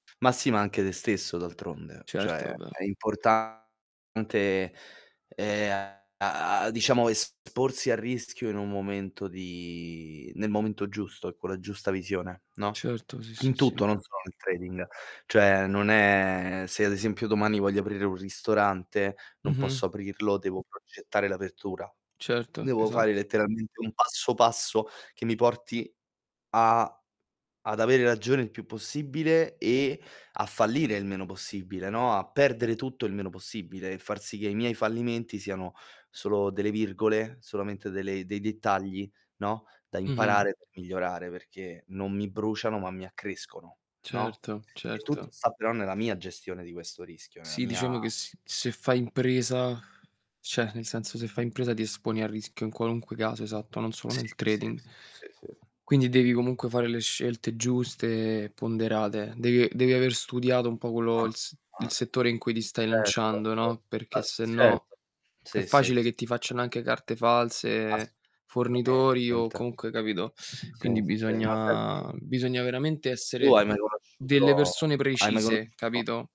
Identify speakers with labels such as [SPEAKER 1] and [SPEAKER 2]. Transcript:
[SPEAKER 1] Ma, si anche te stesso d'altronde.
[SPEAKER 2] Certo,
[SPEAKER 1] Cioè,
[SPEAKER 2] vabbè.
[SPEAKER 1] è importante, ehm, a a, diciamo, esporsi al rischio in un momento di nel momento giusto, e con la giusta visione, no,
[SPEAKER 2] Certo, sì, sì,
[SPEAKER 1] in
[SPEAKER 2] sì.
[SPEAKER 1] tutto, non solo nel trading. Cioè, non è Se, ad, esempio domani voglio aprire un ristorante, non
[SPEAKER 2] Mh-mh.
[SPEAKER 1] posso aprirlo, devo progettare l'apertura.
[SPEAKER 2] Certo,
[SPEAKER 1] Devo
[SPEAKER 2] esat
[SPEAKER 1] fare letteralmente un passo passo che mi porti a ad avere ragione il più possibile e a fallire il meno possibile, no, a perdere tutto il meno possibile, e far sì che i miei fallimenti siano solo delle virgole, solamente delle dei dettagli, no, da
[SPEAKER 2] Mh-mh.
[SPEAKER 1] imparare per migliorare, perché non mi bruciano ma mi accrescono, no,
[SPEAKER 2] Certo,
[SPEAKER 1] e tutto
[SPEAKER 2] certo.
[SPEAKER 1] sta però nella mia gestione di questo rischio, nella
[SPEAKER 2] Sì,
[SPEAKER 1] mia
[SPEAKER 2] diciamo che sì. Se fai impresa cioè, nel senso se fai impresa ti esponi al rischio in qualunque caso Esatto, non solo
[SPEAKER 1] Sì.
[SPEAKER 2] nel
[SPEAKER 1] Sì,
[SPEAKER 2] trading.
[SPEAKER 1] sì, sì, sì. Sì.
[SPEAKER 2] Quindi devi comunque fare le scelte giuste, ponderate. Devi devi aver
[SPEAKER 1] Ah.
[SPEAKER 2] studiato un po' quello
[SPEAKER 1] Ah.
[SPEAKER 2] il s il
[SPEAKER 1] Ah.
[SPEAKER 2] settore in cui ti stai
[SPEAKER 1] Certo,
[SPEAKER 2] lanciando,
[SPEAKER 1] cer
[SPEAKER 2] no, perché
[SPEAKER 1] A
[SPEAKER 2] se no
[SPEAKER 1] Certo.
[SPEAKER 2] è
[SPEAKER 1] Sì, sì,
[SPEAKER 2] facile
[SPEAKER 1] sì.
[SPEAKER 2] che ti facciano anche carte false, fornitori o
[SPEAKER 1] Assolutamente.
[SPEAKER 2] comunque capito.
[SPEAKER 1] Sì,
[SPEAKER 2] Quindi
[SPEAKER 1] sì, ma senti
[SPEAKER 2] bisogna bisogna veramente
[SPEAKER 1] tu
[SPEAKER 2] essere
[SPEAKER 1] hai mai
[SPEAKER 2] delle
[SPEAKER 1] conosciuto
[SPEAKER 2] persone
[SPEAKER 1] hai mai
[SPEAKER 2] precise,
[SPEAKER 1] conosciuto
[SPEAKER 2] capito?